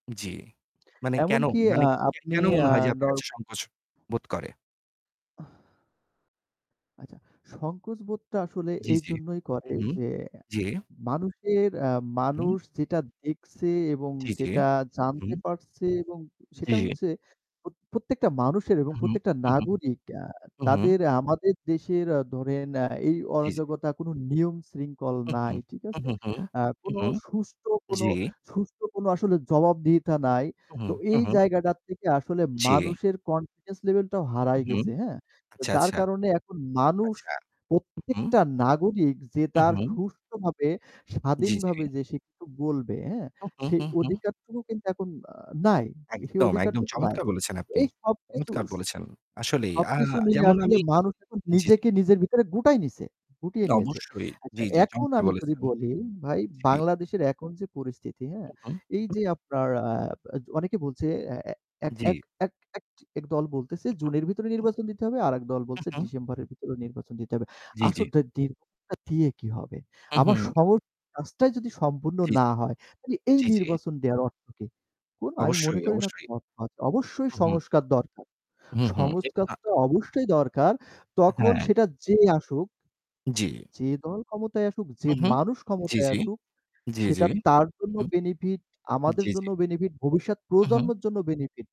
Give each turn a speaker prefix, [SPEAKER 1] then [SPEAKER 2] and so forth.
[SPEAKER 1] জ্বি। মানে কেন
[SPEAKER 2] এমনকি
[SPEAKER 1] মানে
[SPEAKER 2] আ
[SPEAKER 1] কে
[SPEAKER 2] আপনি
[SPEAKER 1] কেন মনে
[SPEAKER 2] আ
[SPEAKER 1] হয় যে আপনার
[SPEAKER 2] নর
[SPEAKER 1] কাছে সংকোচ বোধ করে?
[SPEAKER 2] আচ্ছা, সংকোচ বোধটা আসলে
[SPEAKER 1] জ্বী, জ্বী,
[SPEAKER 2] এইজন্যই করে
[SPEAKER 1] উহু,
[SPEAKER 2] যে,
[SPEAKER 1] জ্বী।
[SPEAKER 2] মানুষের এ্যা
[SPEAKER 1] হুম?
[SPEAKER 2] মানুষ যেটা দেখছে এবং
[SPEAKER 1] জি, জি,
[SPEAKER 2] যেটা
[SPEAKER 1] উ হুম।
[SPEAKER 2] জানতে পারছে এবং
[SPEAKER 1] জ্বি,
[SPEAKER 2] সেটা
[SPEAKER 1] জ্বি।
[SPEAKER 2] হচ্ছে প্রত প্রত্যেকটা মানুষের এবং
[SPEAKER 1] উহু,
[SPEAKER 2] প্রত্যেকটা
[SPEAKER 1] উহু।
[SPEAKER 2] নাগরিক আ
[SPEAKER 1] হুম, হুম।
[SPEAKER 2] তাদের আমাদের দেশের আ ধরেন অ্যা এই
[SPEAKER 1] জ্বী, জ্বী।
[SPEAKER 2] অরাজকতা, কোনো নিয়ম-শৃঙ্খল নাই।
[SPEAKER 1] উহুঁ,
[SPEAKER 2] ঠিক আছে?
[SPEAKER 1] উহুঁ, হুঁ,
[SPEAKER 2] আ
[SPEAKER 1] হুঁ,
[SPEAKER 2] কোনো
[SPEAKER 1] হুঁ,
[SPEAKER 2] সুষ্ঠ কোন
[SPEAKER 1] জ্বি।
[SPEAKER 2] সুষ্ঠ কোনো আসলে জবাবদিহিতা নাই।
[SPEAKER 1] উহু,
[SPEAKER 2] তো এই
[SPEAKER 1] উহু।
[SPEAKER 2] জায়গাটার থেকে আসলে
[SPEAKER 1] জি।
[SPEAKER 2] মানুষের কনফিডেন্স লেভেল টাও হারায়
[SPEAKER 1] উহুম,
[SPEAKER 2] গেছে, হ্যাঁ? তো
[SPEAKER 1] আচ্ছা,
[SPEAKER 2] যার
[SPEAKER 1] আচ্ছা।
[SPEAKER 2] কারণে এখন মানুষ
[SPEAKER 1] আচ্ছা, উহুঁ।
[SPEAKER 2] প্রত্যেকটা নাগরিক যে তার
[SPEAKER 1] উহু।
[SPEAKER 2] সুষ্ঠভাবে,
[SPEAKER 1] জ্বী, জ্বী।
[SPEAKER 2] স্বাধীনভাবে যে সে কিছু বলবে, হ্যাঁ?
[SPEAKER 1] উহু,
[SPEAKER 2] সেই
[SPEAKER 1] হু, হু, হু।
[SPEAKER 2] অধিকারটুকু কিন্তু এখন আ নাই। সেই
[SPEAKER 1] একদম, একদম,
[SPEAKER 2] অধিকারটুকু নাই।
[SPEAKER 1] চমৎকার বলেছেন
[SPEAKER 2] তো
[SPEAKER 1] আপনি।
[SPEAKER 2] এই সবকিছু
[SPEAKER 1] চমৎকার
[SPEAKER 2] উশ
[SPEAKER 1] বলেছেন। আসলেই আ
[SPEAKER 2] সবকিছু মিলে
[SPEAKER 1] যেমন
[SPEAKER 2] আসলে
[SPEAKER 1] আমি
[SPEAKER 2] মানুষ এখন
[SPEAKER 1] জ্বি, জ্বি।
[SPEAKER 2] নিজেকে নিজের ভিতরে গুটায় নিছে গুটিয়ে নিয়েছে।
[SPEAKER 1] অবশ্যই
[SPEAKER 2] আচ্ছা,
[SPEAKER 1] জ্বী, জ্বী,
[SPEAKER 2] এখন
[SPEAKER 1] চমৎকার
[SPEAKER 2] আমি যদি
[SPEAKER 1] বলেছেন।
[SPEAKER 2] বলি ভাই
[SPEAKER 1] জ্বি।
[SPEAKER 2] বাংলাদেশের এখন যে পরিস্থিতি, হ্যাঁ?
[SPEAKER 1] উহু্‌,
[SPEAKER 2] এই
[SPEAKER 1] হু,
[SPEAKER 2] যে
[SPEAKER 1] হুম।
[SPEAKER 2] আপনার আ য অনেকে বলছে এ্যা এ্য এক
[SPEAKER 1] জ্বি।
[SPEAKER 2] এক এক দল বলতেছে
[SPEAKER 1] উহু,
[SPEAKER 2] জুনের ভিতরে
[SPEAKER 1] হু।
[SPEAKER 2] নির্বাচন দিতে হবে। আরেক দল
[SPEAKER 1] হু,
[SPEAKER 2] বলছে
[SPEAKER 1] হু।
[SPEAKER 2] ডিসেম্বরের ভিতরে নির্বাচন দিতে হবে।
[SPEAKER 1] জ্বি, জ্বি।
[SPEAKER 2] আসন দীর্ঘ দিয়ে কি হবে?
[SPEAKER 1] হু,
[SPEAKER 2] আমার
[SPEAKER 1] হু।
[SPEAKER 2] সহজ কাজটাই যদি সম্পূর্ণ
[SPEAKER 1] জ্বী,
[SPEAKER 2] না
[SPEAKER 1] জ্বী।
[SPEAKER 2] হয়, তাহলে এই
[SPEAKER 1] জ্বি, জ্বি।
[SPEAKER 2] নির্বাচন দেওয়ার অর্থ কি? কোনো আমি মনে
[SPEAKER 1] অবশ্যই,
[SPEAKER 2] করি না
[SPEAKER 1] অবশ্যই।
[SPEAKER 2] [unintelligible] অবশ্যই
[SPEAKER 1] উহু।
[SPEAKER 2] সংস্কার দরকার।
[SPEAKER 1] হুম, হুম। এবং আ
[SPEAKER 2] সংস্কারটা অবশ্যই দরকার, তখন
[SPEAKER 1] হ্যাঁ।
[SPEAKER 2] সেটা যে আসুক
[SPEAKER 1] জ্বি।
[SPEAKER 2] যে দল ক্ষমতায় আসুক, যে
[SPEAKER 1] হু, হু,
[SPEAKER 2] মানুষ
[SPEAKER 1] জ্বি,
[SPEAKER 2] ক্ষমতায়
[SPEAKER 1] জ্বি,
[SPEAKER 2] আসুক
[SPEAKER 1] জ্বি, জ্বি,
[SPEAKER 2] সেটা তার জন্য
[SPEAKER 1] হু।
[SPEAKER 2] বেনিফিট আমাদের
[SPEAKER 1] জ্বী, জ্বী।
[SPEAKER 2] জন্য বেনিফিট, ভবিষ্যৎ
[SPEAKER 1] উ হু।
[SPEAKER 2] প্রজন্মের জন্য বেনিফিট।